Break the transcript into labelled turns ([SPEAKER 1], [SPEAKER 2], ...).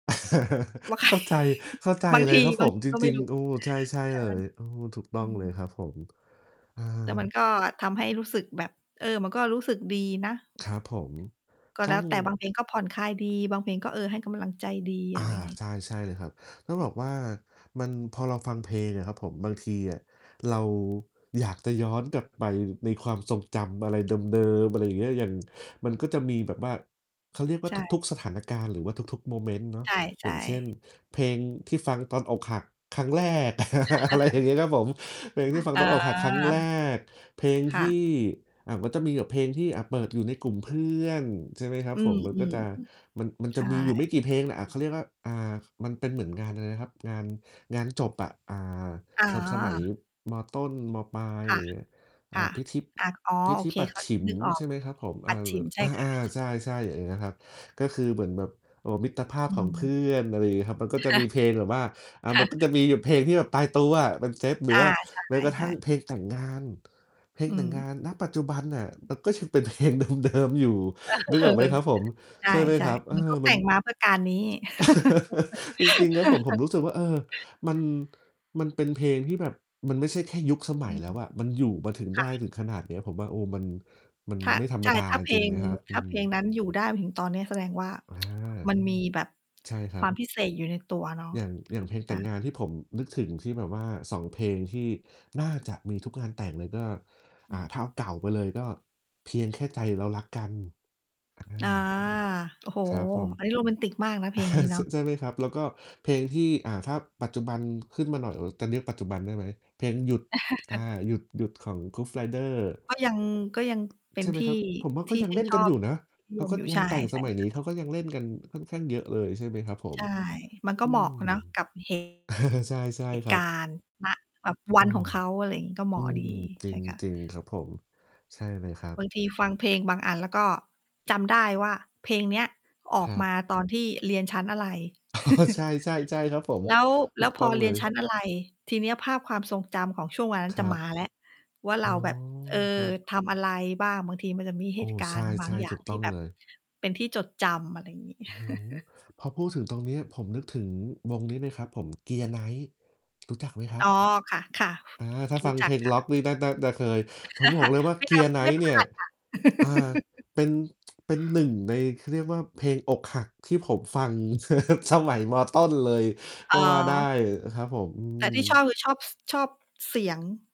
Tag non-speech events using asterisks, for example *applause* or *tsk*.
[SPEAKER 1] ว่าใ
[SPEAKER 2] *chuckles*
[SPEAKER 1] คร
[SPEAKER 2] เข้าใจ เข้าใจ
[SPEAKER 1] บาง
[SPEAKER 2] เล
[SPEAKER 1] ท
[SPEAKER 2] ย
[SPEAKER 1] ี
[SPEAKER 2] ครับ
[SPEAKER 1] บ
[SPEAKER 2] ผ
[SPEAKER 1] าง
[SPEAKER 2] ม
[SPEAKER 1] ที
[SPEAKER 2] จ
[SPEAKER 1] ก็ไม
[SPEAKER 2] ริ
[SPEAKER 1] ่
[SPEAKER 2] ง
[SPEAKER 1] รู้
[SPEAKER 2] ๆ โอ้
[SPEAKER 1] ค่ะ
[SPEAKER 2] ใช่ ใช่เลย เออ ถูกต้
[SPEAKER 1] อื
[SPEAKER 2] องเลยค
[SPEAKER 1] ม
[SPEAKER 2] รับผม เอ
[SPEAKER 1] แต่มัน
[SPEAKER 2] อ
[SPEAKER 1] ก็ทำให้รู้สึกแบบ เออ มันก็รู้สึกดีนะ
[SPEAKER 2] ครับผม
[SPEAKER 1] ก็
[SPEAKER 2] ต
[SPEAKER 1] แ
[SPEAKER 2] ้
[SPEAKER 1] ล้
[SPEAKER 2] อ
[SPEAKER 1] ว
[SPEAKER 2] ง
[SPEAKER 1] แต่ บางเพลงก็ผ่อนคลายดี บางเพลงก็ เออ ให้กำลังใจดี
[SPEAKER 2] อ
[SPEAKER 1] อ
[SPEAKER 2] า
[SPEAKER 1] ะไรอย่างงี้
[SPEAKER 2] ใช่ ๆ เลยครับ ต้องบ
[SPEAKER 1] *unintelligible*
[SPEAKER 2] อกว่า มัน พอเราฟังเพลงอะครับผม บางทีอะ เรา อยากจะย้อนกลับไปในความทรงจำอะไรเดิม ๆ อะไรอย่างเงี้ย อย่าง มันก็จะมีแบบว่า เขาเรียกว่
[SPEAKER 1] ใช
[SPEAKER 2] า ทุก
[SPEAKER 1] ่
[SPEAKER 2] ๆ สถานการณ์หรือว่าทุก ๆ โมเมนต์เนาะ
[SPEAKER 1] ใ
[SPEAKER 2] อ
[SPEAKER 1] ช
[SPEAKER 2] ย่าง
[SPEAKER 1] ่
[SPEAKER 2] เช่น
[SPEAKER 1] ๆ
[SPEAKER 2] เพลงที่ฟังตอนอกหักครั้งแรก
[SPEAKER 1] ค
[SPEAKER 2] *chuckles* อ
[SPEAKER 1] ่
[SPEAKER 2] ะไรอย่
[SPEAKER 1] ะ
[SPEAKER 2] างงี้ ครับผม เพลงที่ฟัง
[SPEAKER 1] อ๋อ
[SPEAKER 2] ตอนอกหักครั้งแรก เพลง
[SPEAKER 1] ค
[SPEAKER 2] ท
[SPEAKER 1] ่ะ
[SPEAKER 2] ี่ อ่า ก็จะมีแบบเพลงที่ อ่า เปิดอยู่ในกลุ่มเพื่อน ใช่ไหมครั
[SPEAKER 1] อ
[SPEAKER 2] บ
[SPEAKER 1] ื
[SPEAKER 2] ผ
[SPEAKER 1] อ
[SPEAKER 2] ม มั
[SPEAKER 1] ๆ
[SPEAKER 2] น
[SPEAKER 1] อื
[SPEAKER 2] ก็
[SPEAKER 1] อ
[SPEAKER 2] จะ มัน มัน
[SPEAKER 1] ใช
[SPEAKER 2] จะ
[SPEAKER 1] ่
[SPEAKER 2] มีอยู่ไม่กี่เพลงน่ะ อะ เขาเรียกว่า อ่า มันเป็นเหมือนงานอะไรนะครับ? งาน งานจบอะ อ่า
[SPEAKER 1] อ๋อ
[SPEAKER 2] สะ สมัย ม.ต้น ม.ปลาย
[SPEAKER 1] ค
[SPEAKER 2] อะไ
[SPEAKER 1] ่
[SPEAKER 2] ร
[SPEAKER 1] ะ
[SPEAKER 2] เงี้ย อ
[SPEAKER 1] ค
[SPEAKER 2] ่า
[SPEAKER 1] ่ะ
[SPEAKER 2] พิธีบ
[SPEAKER 1] อัก อ๋อ
[SPEAKER 2] พิ
[SPEAKER 1] โอ
[SPEAKER 2] ธี
[SPEAKER 1] เค
[SPEAKER 2] ปัจ
[SPEAKER 1] ค็อ
[SPEAKER 2] ฉ
[SPEAKER 1] ด
[SPEAKER 2] ิม
[SPEAKER 1] นึกออ
[SPEAKER 2] ใช
[SPEAKER 1] ก
[SPEAKER 2] ่ไหมครับผม?
[SPEAKER 1] ป
[SPEAKER 2] อ
[SPEAKER 1] ั
[SPEAKER 2] า
[SPEAKER 1] จ
[SPEAKER 2] ล
[SPEAKER 1] ฉ
[SPEAKER 2] เล
[SPEAKER 1] ิ
[SPEAKER 2] ่
[SPEAKER 1] ม ใช
[SPEAKER 2] อ
[SPEAKER 1] ่
[SPEAKER 2] ะ
[SPEAKER 1] ค
[SPEAKER 2] อ
[SPEAKER 1] ่
[SPEAKER 2] า
[SPEAKER 1] ะ
[SPEAKER 2] ๆ ใช
[SPEAKER 1] ใช่
[SPEAKER 2] ่ ๆ อย่างเงี้ยครับ ก็คือเหมือนแบบ เอ่อ มิตรภา
[SPEAKER 1] อ
[SPEAKER 2] พ
[SPEAKER 1] ื
[SPEAKER 2] ของเพื
[SPEAKER 1] ม
[SPEAKER 2] ่อน อะไรอย่างงี้ครับ มันก็
[SPEAKER 1] ค
[SPEAKER 2] จะ
[SPEAKER 1] ่ะ
[SPEAKER 2] มีเพลงแบบว่า อ่า
[SPEAKER 1] ค่
[SPEAKER 2] มันก็จ
[SPEAKER 1] ะ
[SPEAKER 2] ะมีแบบเพลงที่แบบตายตัวอะ เป็นเซต หร
[SPEAKER 1] อ
[SPEAKER 2] ือว
[SPEAKER 1] า
[SPEAKER 2] ่า
[SPEAKER 1] ใ
[SPEAKER 2] แม้กระท
[SPEAKER 1] ช
[SPEAKER 2] ั
[SPEAKER 1] ่
[SPEAKER 2] ่ง
[SPEAKER 1] ๆ
[SPEAKER 2] เพลงแต่งงาน เพลง
[SPEAKER 1] อื
[SPEAKER 2] แต่งง
[SPEAKER 1] ม
[SPEAKER 2] าน ณ ปัจจุบันน่ะ มันก็ยังเป็น เพลงเดิม ๆ อยู่
[SPEAKER 1] เ
[SPEAKER 2] นึก
[SPEAKER 1] อ
[SPEAKER 2] ออกไหม
[SPEAKER 1] อ
[SPEAKER 2] ครับผม?
[SPEAKER 1] ใ
[SPEAKER 2] ใช่ไหม
[SPEAKER 1] ช่
[SPEAKER 2] ครับ
[SPEAKER 1] ๆ เ
[SPEAKER 2] เ
[SPEAKER 1] ห
[SPEAKER 2] อ
[SPEAKER 1] มือนเข
[SPEAKER 2] อ
[SPEAKER 1] าแต
[SPEAKER 2] มั
[SPEAKER 1] ่
[SPEAKER 2] น
[SPEAKER 1] งมาเพื่อการนี้
[SPEAKER 2] *chuckles* จริง ๆ ครับผม ผม
[SPEAKER 1] *laughs*
[SPEAKER 2] รู้สึกว่า เออ มัน มันเป็นเพลงที่แบบมันไม่ใช่แค่ยุคสม
[SPEAKER 1] อ
[SPEAKER 2] ั
[SPEAKER 1] ื
[SPEAKER 2] ยแ
[SPEAKER 1] ม
[SPEAKER 2] ล้วอะ มันอยู่มาถึง
[SPEAKER 1] ค
[SPEAKER 2] ได
[SPEAKER 1] ่
[SPEAKER 2] ้
[SPEAKER 1] ะ
[SPEAKER 2] ถึงขนาดเนี้ย ผมว่า โอ้ มัน มัน
[SPEAKER 1] ค่ะ
[SPEAKER 2] ไม่ธร
[SPEAKER 1] ใ
[SPEAKER 2] ร
[SPEAKER 1] ช
[SPEAKER 2] ม
[SPEAKER 1] ่
[SPEAKER 2] ดา
[SPEAKER 1] ถ้า
[SPEAKER 2] จ
[SPEAKER 1] เพล
[SPEAKER 2] ริง
[SPEAKER 1] ง
[SPEAKER 2] ๆ นะครับ
[SPEAKER 1] ถ
[SPEAKER 2] อื
[SPEAKER 1] ้า
[SPEAKER 2] ม
[SPEAKER 1] เพลงนั้นอยู่ได้มาถึงตอนเนี้ย แสดงว่า
[SPEAKER 2] อา
[SPEAKER 1] *tsk* มันมีแบบ
[SPEAKER 2] ใช่คร
[SPEAKER 1] ค
[SPEAKER 2] ั
[SPEAKER 1] วาม
[SPEAKER 2] บ
[SPEAKER 1] พิเศษอยู่ในตัวเนาะ
[SPEAKER 2] อย่าง อย่างเพลงแต
[SPEAKER 1] ค
[SPEAKER 2] ่
[SPEAKER 1] ่
[SPEAKER 2] ง
[SPEAKER 1] ะ
[SPEAKER 2] งานที่ผมนึกถึง ที่แบบว่า 2 เพลงที่น่าจะมีทุกงานแต่งเลย ก็ อ่า ถ้าเอาเก่าไปเลยก็ "เพียงแค่ใจเรารักกัน" อา
[SPEAKER 1] อา โอ้โฮ
[SPEAKER 2] ครับผม
[SPEAKER 1] อันนี้โรแมนติกมากนะ เพลง นี้
[SPEAKER 2] *chuckles*
[SPEAKER 1] เน
[SPEAKER 2] ช
[SPEAKER 1] าะ
[SPEAKER 2] ใช่ไหมครับ แล้วก็เพลงที่ อ่า ถ้าปัจจุบัน ขึ้นมาหน่อย เอ่อ จะเรียกปัจจุบันได้ไหม? เพลง "หยุด" อา
[SPEAKER 1] *chuckles*
[SPEAKER 2] หยุด หยุด ของ Groove Riders
[SPEAKER 1] ก็ยัง ก็ยังเป็
[SPEAKER 2] ใช
[SPEAKER 1] น
[SPEAKER 2] ่ไ
[SPEAKER 1] ท
[SPEAKER 2] หม
[SPEAKER 1] ี่
[SPEAKER 2] ครับ ผมว่า
[SPEAKER 1] ท
[SPEAKER 2] ก็
[SPEAKER 1] ี่
[SPEAKER 2] ยั
[SPEAKER 1] ช
[SPEAKER 2] ง
[SPEAKER 1] ื่
[SPEAKER 2] เล
[SPEAKER 1] น
[SPEAKER 2] ่น
[SPEAKER 1] ช
[SPEAKER 2] กั
[SPEAKER 1] อ
[SPEAKER 2] นอ
[SPEAKER 1] บ
[SPEAKER 2] ยู่นะ
[SPEAKER 1] นิ
[SPEAKER 2] แล
[SPEAKER 1] ย
[SPEAKER 2] ้ว
[SPEAKER 1] ม
[SPEAKER 2] ก็
[SPEAKER 1] อยู่ ใ
[SPEAKER 2] ง
[SPEAKER 1] ช
[SPEAKER 2] า
[SPEAKER 1] ่
[SPEAKER 2] นแต่ง
[SPEAKER 1] ใช
[SPEAKER 2] ส
[SPEAKER 1] ่
[SPEAKER 2] มัย
[SPEAKER 1] ค
[SPEAKER 2] น
[SPEAKER 1] ่
[SPEAKER 2] ี้
[SPEAKER 1] ะ
[SPEAKER 2] เขาก็ยังเล่น กันค่อนข้างเยอะเลย ใช่ไหมครับผ
[SPEAKER 1] ใ
[SPEAKER 2] ม
[SPEAKER 1] ช่ มันก็
[SPEAKER 2] อื
[SPEAKER 1] เหมาะ
[SPEAKER 2] ม
[SPEAKER 1] เนาะกับ เหตุ
[SPEAKER 2] *chuckles* ใช่ ใช่
[SPEAKER 1] เหตุ
[SPEAKER 2] คร
[SPEAKER 1] ก
[SPEAKER 2] ับ
[SPEAKER 1] ารณ์ ณ แบบว
[SPEAKER 2] เออ
[SPEAKER 1] ันของเขา อะไรงี้ ก็เหม
[SPEAKER 2] อื
[SPEAKER 1] าะ
[SPEAKER 2] ม
[SPEAKER 1] ดี
[SPEAKER 2] จ
[SPEAKER 1] ใช่ค่ะ
[SPEAKER 2] ริง ๆ ครับผม ใช่เลยครั
[SPEAKER 1] บ
[SPEAKER 2] บ
[SPEAKER 1] างทีฟังเพลงบางอันแล้วก็จำได้ว่า เพลง เนี้ยอ
[SPEAKER 2] ค
[SPEAKER 1] อก
[SPEAKER 2] รั
[SPEAKER 1] มา
[SPEAKER 2] บ
[SPEAKER 1] ตอนที่เรียนชั้นอะไร
[SPEAKER 2] *chuckles* ใช
[SPEAKER 1] *chuckles*
[SPEAKER 2] ่ ๆ ๆ ครับผม
[SPEAKER 1] แล้ว
[SPEAKER 2] ถ
[SPEAKER 1] แล
[SPEAKER 2] ู
[SPEAKER 1] ้ว
[SPEAKER 2] ก
[SPEAKER 1] พ
[SPEAKER 2] ต้
[SPEAKER 1] อ
[SPEAKER 2] อง
[SPEAKER 1] เร
[SPEAKER 2] เล
[SPEAKER 1] ียนชั้
[SPEAKER 2] ย
[SPEAKER 1] นอะไร ทีเนี้ยภาพความทรงจำของช่วงวันนั้
[SPEAKER 2] ค
[SPEAKER 1] นจ
[SPEAKER 2] ร
[SPEAKER 1] ะ
[SPEAKER 2] ั
[SPEAKER 1] ม
[SPEAKER 2] บ
[SPEAKER 1] าแล้วว่า
[SPEAKER 2] อ๋
[SPEAKER 1] เร
[SPEAKER 2] อ
[SPEAKER 1] าแบบ เอ
[SPEAKER 2] ค
[SPEAKER 1] อ
[SPEAKER 2] รับ
[SPEAKER 1] ทำอะไรบ้าง บางทีมันจะมีเ
[SPEAKER 2] โ
[SPEAKER 1] ห
[SPEAKER 2] อ้
[SPEAKER 1] ตุกา
[SPEAKER 2] ใช
[SPEAKER 1] รณ์ บาง
[SPEAKER 2] ่
[SPEAKER 1] อย
[SPEAKER 2] ๆ ถ
[SPEAKER 1] ่า
[SPEAKER 2] ู
[SPEAKER 1] ง
[SPEAKER 2] กต
[SPEAKER 1] ท
[SPEAKER 2] ้
[SPEAKER 1] ี่
[SPEAKER 2] อง
[SPEAKER 1] แบ
[SPEAKER 2] เล
[SPEAKER 1] บ
[SPEAKER 2] ย
[SPEAKER 1] เป็นที่จดจำ อะไรอย่างงี้
[SPEAKER 2] โอ้โฮ
[SPEAKER 1] *chuckles*
[SPEAKER 2] พอพูดถึงตรงเนี้ย ผมนึกถึงวง นี้เลยครับผม Gear Knight รู้จักไหมคร
[SPEAKER 1] อ
[SPEAKER 2] ั
[SPEAKER 1] ๋
[SPEAKER 2] บ?
[SPEAKER 1] อ ค่ะ
[SPEAKER 2] อา ถ้า
[SPEAKER 1] ๆ ร
[SPEAKER 2] ฟ
[SPEAKER 1] ู
[SPEAKER 2] ั
[SPEAKER 1] ้
[SPEAKER 2] ง
[SPEAKER 1] จั
[SPEAKER 2] เพ
[SPEAKER 1] ก
[SPEAKER 2] ลง
[SPEAKER 1] ค่
[SPEAKER 2] ร็อก
[SPEAKER 1] ะ
[SPEAKER 2] นี่น่า น่าจะเคย ผมบอกเลยว
[SPEAKER 1] *chuckles*
[SPEAKER 2] ่า
[SPEAKER 1] ไม่นั
[SPEAKER 2] Gear
[SPEAKER 1] บ ไม่
[SPEAKER 2] Knight
[SPEAKER 1] พ
[SPEAKER 2] เน
[SPEAKER 1] ล
[SPEAKER 2] ี่ย
[SPEAKER 1] าดค่ะ
[SPEAKER 2] อ่า
[SPEAKER 1] *laughs*
[SPEAKER 2] เป็น *tsk* เป็น 1 ใน เขาเรียกว่าเพลงอกหักที่ผมฟัง *chuckles* สมัย ม.ต้น เลย
[SPEAKER 1] อ
[SPEAKER 2] ก
[SPEAKER 1] ๋
[SPEAKER 2] ็ว่าได
[SPEAKER 1] อ
[SPEAKER 2] ้อะครับผม อื
[SPEAKER 1] แต่ที่ชอบ
[SPEAKER 2] ม
[SPEAKER 1] คือชอบ ส ชอบเสียง